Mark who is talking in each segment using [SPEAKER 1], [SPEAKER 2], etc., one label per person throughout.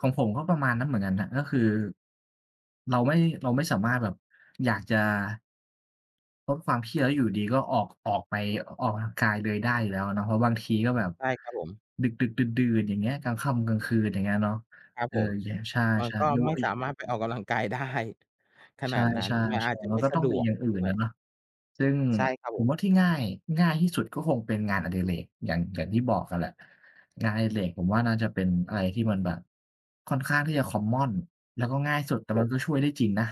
[SPEAKER 1] ของผมก็ประมาณนั้นเหมือนกันน่ะ ก็คือ เราไม่ เราไม่สามารถแบบ อยากจะ เพราะความเครียด แล้วอยู่ดี ๆ ก็ออก ออกไป อ ออกกำลังกายเลยได้อยู่แล้วอะเนาะ เพราะบางทีก็แบบ
[SPEAKER 2] ใช่ครับผม
[SPEAKER 1] ดึก ๆ ดื่น ๆ อย่างเงี้ย กลางค่ำกลางคืน อย่างเงี้ยเนาะ
[SPEAKER 2] ครับ
[SPEAKER 1] เออ
[SPEAKER 2] ผม
[SPEAKER 1] อย่างเงี้ย ใช่
[SPEAKER 2] มันก็
[SPEAKER 1] ๆ อยู่
[SPEAKER 2] ไม่
[SPEAKER 1] อี
[SPEAKER 2] สาม
[SPEAKER 1] ก
[SPEAKER 2] ารถไปออกกำลังกาย ได้ ข
[SPEAKER 1] ใช
[SPEAKER 2] นาดนั้น
[SPEAKER 1] ่
[SPEAKER 2] มันอ
[SPEAKER 1] ๆ
[SPEAKER 2] าจจะ
[SPEAKER 1] ๆ มั
[SPEAKER 2] ไม
[SPEAKER 1] น
[SPEAKER 2] ่
[SPEAKER 1] ก็
[SPEAKER 2] ส
[SPEAKER 1] ต้
[SPEAKER 2] ะ
[SPEAKER 1] อง
[SPEAKER 2] ด
[SPEAKER 1] มี
[SPEAKER 2] วก
[SPEAKER 1] อย่างอื่
[SPEAKER 2] ด้
[SPEAKER 1] น
[SPEAKER 2] ว
[SPEAKER 1] น่ะ
[SPEAKER 2] ย
[SPEAKER 1] เนาะ ซึ่ง
[SPEAKER 2] ใช่ครับ
[SPEAKER 1] ผ
[SPEAKER 2] ผ
[SPEAKER 1] ม
[SPEAKER 2] ม
[SPEAKER 1] ว่าที่ง่าย ง่ายที่สุดก็คงเป็นงานอดิเรก อย่าง อย่างที่บอกอะแหละ งานอดิเรกผมว่า น่าจะเป็นอะไรที่มันแบบค่อนข้างที่จะ คอมมอน แล้วก็ง่ายสุด แต่
[SPEAKER 2] ครับ
[SPEAKER 1] มั
[SPEAKER 2] ผ
[SPEAKER 1] น
[SPEAKER 2] ม
[SPEAKER 1] ก็ช่วยได้จริงนะ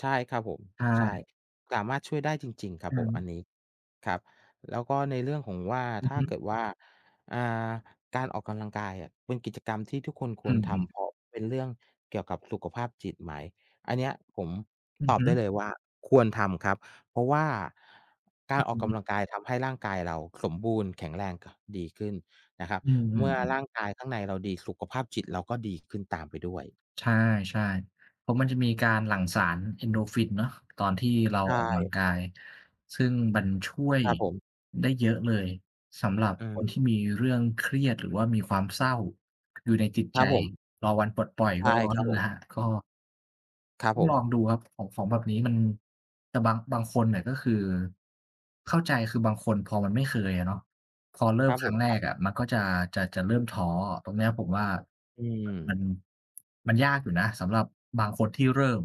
[SPEAKER 2] ใช่ครับผม
[SPEAKER 1] ใช
[SPEAKER 2] ใช่
[SPEAKER 1] ่
[SPEAKER 2] สามารถช่วยได้จริง ๆ คร
[SPEAKER 1] อ
[SPEAKER 2] ับ
[SPEAKER 1] ื
[SPEAKER 2] ผม
[SPEAKER 1] ม
[SPEAKER 2] อันนี้ ครับ แล้วก็ในเรื่องของว่า
[SPEAKER 1] อือ
[SPEAKER 2] ถ้
[SPEAKER 1] ฮ
[SPEAKER 2] า
[SPEAKER 1] ึ
[SPEAKER 2] เกิดว่า อ่า การออกกำลังกายอะ เป็นกิจกรรมที่ทุกคนค
[SPEAKER 1] อื
[SPEAKER 2] วรท
[SPEAKER 1] ม
[SPEAKER 2] ำ
[SPEAKER 1] ๆ
[SPEAKER 2] เพราะเป็นเรื่องเกี่ยวกับสุขภาพจิตไหม? อันเนี้ยผม
[SPEAKER 1] อื
[SPEAKER 2] ต
[SPEAKER 1] อ
[SPEAKER 2] อ
[SPEAKER 1] ฮ
[SPEAKER 2] บ
[SPEAKER 1] ึ
[SPEAKER 2] ได้เลยว่าควรทำครับ เพราะว่าก
[SPEAKER 1] อ
[SPEAKER 2] า
[SPEAKER 1] ื
[SPEAKER 2] ร
[SPEAKER 1] ้อ
[SPEAKER 2] อ
[SPEAKER 1] ฮ
[SPEAKER 2] อ
[SPEAKER 1] ื
[SPEAKER 2] กก
[SPEAKER 1] อ
[SPEAKER 2] ำลังกายทำให้ร่างกายเราสมบูรณ์แข็งแรง ค ดีขึ้นนะครับ
[SPEAKER 1] อื
[SPEAKER 2] เมื่อ
[SPEAKER 1] ม
[SPEAKER 2] ร
[SPEAKER 1] ๆ ๆ
[SPEAKER 2] ่างกายข้างในเราดี สุขภาพจิตเราก็ดีขึ้นตามไปด้วย
[SPEAKER 1] ใช่ ๆ เพราะมันจะมีการหลั่งสาร Endorphin เนาะ ตอนที่เรา
[SPEAKER 2] ใช
[SPEAKER 1] ออกกำลัง
[SPEAKER 2] ่
[SPEAKER 1] กาย ซึ่งมันช่วย
[SPEAKER 2] ครับผม
[SPEAKER 1] ได้เยอะเลย สำหรับ
[SPEAKER 2] อื
[SPEAKER 1] คนที
[SPEAKER 2] ม
[SPEAKER 1] ่มีเรื่องเครียด หรือว่ามีความเศร้า อยู่ในจิต
[SPEAKER 2] ค
[SPEAKER 1] ใ
[SPEAKER 2] ร
[SPEAKER 1] จ
[SPEAKER 2] ับผม
[SPEAKER 1] รอวันปลดปล่อย
[SPEAKER 2] ใช
[SPEAKER 1] ก
[SPEAKER 2] ่
[SPEAKER 1] ็
[SPEAKER 2] ครับผม
[SPEAKER 1] [unintelligible] ก็
[SPEAKER 2] ครับ
[SPEAKER 1] ต้อ
[SPEAKER 2] ผ
[SPEAKER 1] งลอง
[SPEAKER 2] ม
[SPEAKER 1] ดูครับ ของ ของแบบนี้มัน แต่บาง บางคนเนี่ย ก็คือเข้าใจ คือบางคนพอมันไม่เคยอะเนาะ ตอนเริ่
[SPEAKER 2] คร
[SPEAKER 1] ม
[SPEAKER 2] ับ
[SPEAKER 1] ค
[SPEAKER 2] ผ
[SPEAKER 1] รั้
[SPEAKER 2] ม
[SPEAKER 1] งแร
[SPEAKER 2] ครับ
[SPEAKER 1] กอะมันก็จะ จะ จะเริ่มท้อ ตรงนี้อะผมว่า
[SPEAKER 2] อื
[SPEAKER 1] ม
[SPEAKER 2] ม
[SPEAKER 1] มันยากอยู่นะสำหรับบางคนที่เริ่ม